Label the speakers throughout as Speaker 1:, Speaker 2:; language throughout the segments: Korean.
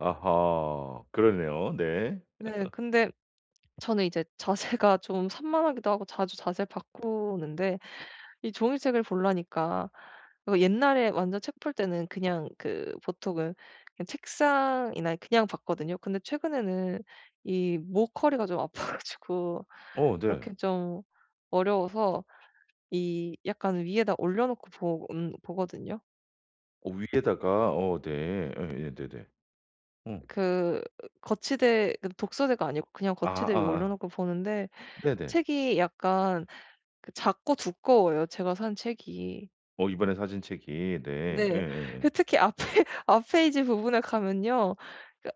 Speaker 1: 아하 그러네요. 네.
Speaker 2: 네. 근데 저는 이제 자세가 좀 산만하기도 하고 자주 자세 바꾸는데 이 종이책을 보려니까 어 옛날에 완전 책 볼 때는 그냥 그 보통은 그 책상이나 그냥 봤거든요. 근데 최근에는 이 목 허리가 좀 아파 가지고
Speaker 1: 어 네.
Speaker 2: 그렇겐 좀 어려워서 이 약간 위에다 올려놓고 보 음 보거든요.
Speaker 1: 어 위에다가. 어 네. 에예네네. 어.
Speaker 2: 그 거치대 그 독서대가 아니고 그냥
Speaker 1: 아
Speaker 2: 거치대 위에
Speaker 1: 아.
Speaker 2: 올려놓고 보는데
Speaker 1: 네네.
Speaker 2: 책이 약간 그 작고 두꺼워요 제가 산 책이.
Speaker 1: 어 이번에 사신 책이 네.
Speaker 2: 네.
Speaker 1: 예예예.
Speaker 2: 예 특히 앞에 앞 페이지 부분에 가면요.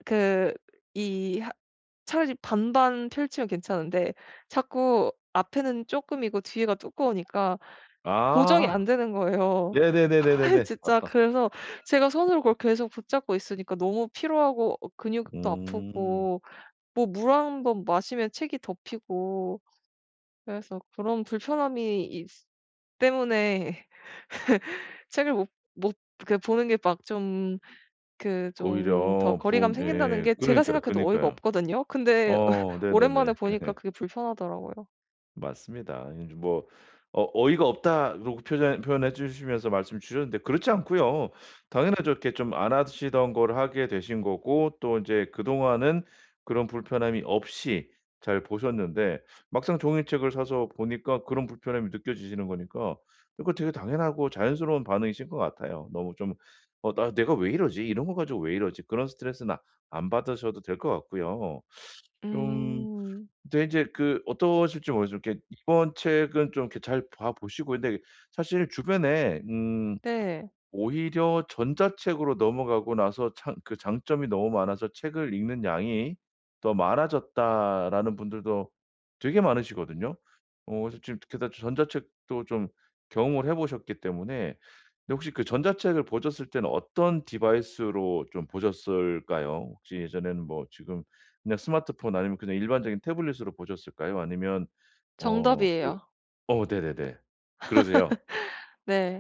Speaker 2: 그 이 하 차라리 반반 펼치면 괜찮은데 자꾸 앞에는 쪼끔이고 뒤에가 두꺼우니까 고정이
Speaker 1: 아.
Speaker 2: 안 되는 거예요.
Speaker 1: 네네네네네네.
Speaker 2: 아이 진짜 그래서 제가 손으로 그걸 계속 붙잡고 있으니까 너무 피로하고 어 근육도
Speaker 1: 음.
Speaker 2: 아프고 뭐 물 1 번 마시면 책이 덮이고 그래서 그런 불편함이 있스 때문에 책을 못 못 그 보는 게 막 좀 그 좀 더
Speaker 1: 오히려 부
Speaker 2: 거리감이 생긴다는
Speaker 1: 네
Speaker 2: 게 제가
Speaker 1: 그러니까요.
Speaker 2: 생각해도 어이가
Speaker 1: 그러니까요.
Speaker 2: 없거든요. 근데
Speaker 1: 어 네네네.
Speaker 2: 오랜만에 보니까 그게 불편하더라고요.
Speaker 1: 맞습니다. 이제 뭐 어 어이가 없다라고 표현 표현해주시면서 말씀 주셨는데 그렇지 않고요. 당연하죠. 이렇게 좀 안 하시던 걸 하게 되신 거고 또 이제 그동안은 그런 불편함이 없이 잘 보셨는데 막상 종이책을 사서 보니까 그런 불편함이 느껴지시는 거니까 그거 되게 당연하고 자연스러운 반응이신 것 같아요. 너무 좀 '어 나 내가 왜 이러지? 이런 거 가지고 왜 이러지?' 그런 스트레스는 안 받으셔도 될 것 같고요. 좀
Speaker 2: 음.
Speaker 1: 근데 이제 그 어떠실지 모르지만 이렇게 이번 책은 좀 이렇게 잘 봐 보시고 근데 사실 주변에 음
Speaker 2: 네.
Speaker 1: 오히려 "전자책으로 넘어가고 나서 창 그 장점이 너무 많아서 책을 읽는 양이 더 많아졌다."라는 분들도 되게 많으시거든요. 어 그래서 게다 지금 전자책도 좀 경험을 해 보셨기 때문에 근데 혹시 그 전자책을 보셨을 때는 어떤 디바이스로 좀 보셨을까요? 혹시 예전에는 뭐 지금 그냥 스마트폰 아니면 그냥 일반적인 태블릿으로 보셨을까요 아니면 어 그
Speaker 2: 정답이에요.
Speaker 1: 어 네네네. 그러세요.
Speaker 2: 네.